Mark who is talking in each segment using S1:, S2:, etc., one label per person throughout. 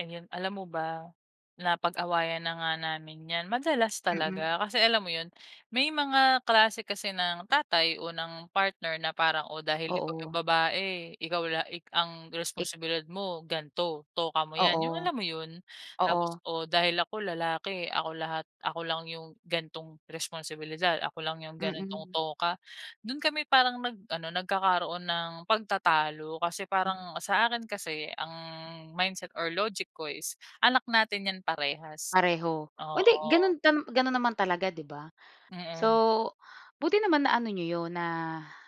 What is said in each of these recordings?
S1: An yun. Alam mo ba, napag-awayan na nga namin ’yan, madalas
S2: Mm.
S1: talaga kasi alam mo yun, may mga klase kasi ng tatay o ng partner na parang, "oh, dahil ikaw yung
S2: Oo.
S1: babae, ikaw la ik ang
S2: Ik
S1: responsibilidad mo, gan'to, toka mo ’yan," yung
S2: Oo.
S1: alam mo yun? Tapos,
S2: Oo.
S1: o, dahil ako lalaki, ako lahat, ako lang yung gan'tong responsibilidad, ako lang yung ganitong
S2: Mm.
S1: toka. Dun kami parang nag-ano, nagkakaroon ng pagtatalo kasi
S2: M
S1: parang sa akin kasi ang mindset or logic ko is anak natin ’yan parehas.
S2: Pareho. O, hindi
S1: Oo.
S2: gano'n tam gano'n naman talaga, 'di ba? So,
S1: Mm.
S2: buti naman naano niyo 'yon, na,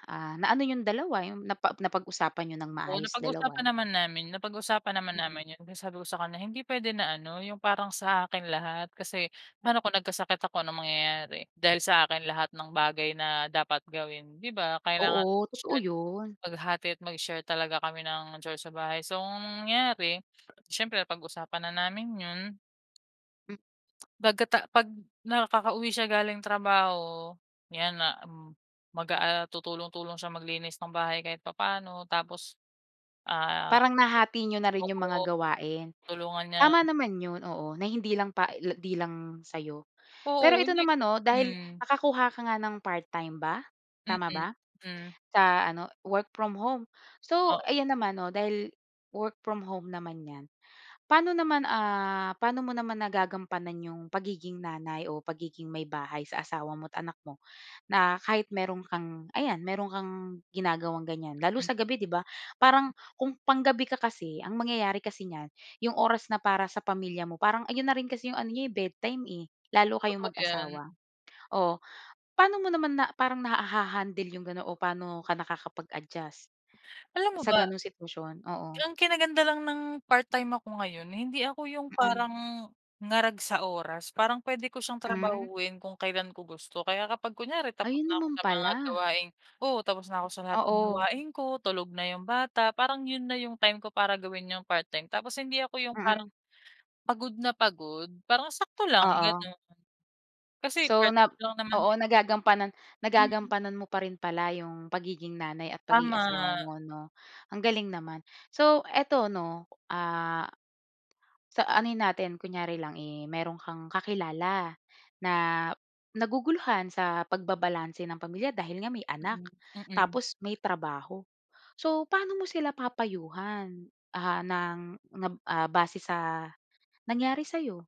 S2: ah, naano yung dalawa, yung napa napag-usapan niyo ng
S1: Oo,
S2: maayos dalawa.
S1: napag-usapan naman namin. Napag-usapan naman
S2: Mm.
S1: namin ’yon kaya sabi ko sa kanya na hindi puwede na ano, ’yung parang sa akin lahat. Kasi paano kung nagkasakit ako, anong mangyayari? Dahil sa akin, lahat ng bagay na dapat gawin, di ba? Kailangan
S2: Oo,
S1: mag
S2: totoo
S1: [unintelligible]
S2: yun.
S1: maghati at mag-share talaga kami ng chores sa bahay. So, nangyare siyempre, napag-usapan na namin ’yon.
S2: M
S1: 'Baga ta 'pag nakakauwi siya galing trabaho, 'yan na m mag, ah, ah, tutulong-tulong siya maglinis ng bahay kahit papaano, tapos, ah
S2: Parang nahati niyo na rin yung mga
S1: oo.
S2: gawain.
S1: Tulungan niya
S2: Tama naman ’yon, oo, na hindi lang pa e la 'di lang sa’yo. Pero
S1: Oo,
S2: ito
S1: hindi
S2: naman 'no, dahil
S1: hmm.
S2: nakakuha ka nga ng part-time ba?
S1: Mm,
S2: Tama ba?
S1: hmm.
S2: Sa ano, work from home. So
S1: Oo.
S2: ayan naman 'no, dahil work from home naman ’yan, pa'no naman, ah, paano mo naman nagagampanan yung pagiging nanay o pagiging maybahay sa asawa mo at anak mo? Na kahit meron kang ayan, meron kang ginagawang ganiyan, lalo na
S1: Hmm.
S2: sa gabi, 'di ba? Parang kung panggabi ka kasi, ang mangyayari kasi niyan, yung oras na para sa pamilya mo, parang ayun na rin kasi yung ano niyo, eh, bedtime, eh, lalo
S1: Totoo
S2: kayong
S1: 'yan.
S2: mag-asawa. O, pa'no mo naman na parang naha-handle yung ga'non o paano ka nakakapag-adjust
S1: Alam mo
S2: sa
S1: ba?
S2: ganung sitwasyon? Oo.
S1: Ang kinaganda lang ng part time ako ngayon, hindi ako yung
S2: Mm.
S1: parang ngarag sa oras. Parang puwede ko siyang
S2: Hmm.
S1: trabahuhin kung kailan ko gusto, kaya kapag kunyari tapos
S2: Ayun
S1: na ako
S2: naman
S1: sa mga
S2: pala.
S1: gawaing oo, tapos na ako sa lahat ng
S2: Oo.
S1: gawain ko, tulog na yung bata, parang yun na yung time ko para gawin yung part time, tapos hindi ako yung parang
S2: Mm.
S1: pagod na pagod. Parang sakto lang
S2: Oo.
S1: gano'n. Kasi
S2: So, nap
S1: part-time lang naman
S2: oo,
S1: din, eh.
S2: nagagampanan
S1: Mm.
S2: nagagampanan mo pa rin pala yung pagiging nanay at pagiging
S1: Tama.
S2: asawa mo 'no, ang galing naman. So eto 'no, ah, sa anohin natin, kunyari lang, eh, meron kang kakilala na naguguluhan sa pagbabalanse ng pamilya dahil nga may anak,
S1: Hmm, mm.
S2: tapos may trabaho. So, paano mo sila papayuhan, ah, ng nga b ah, base sa nangyari sa'yo?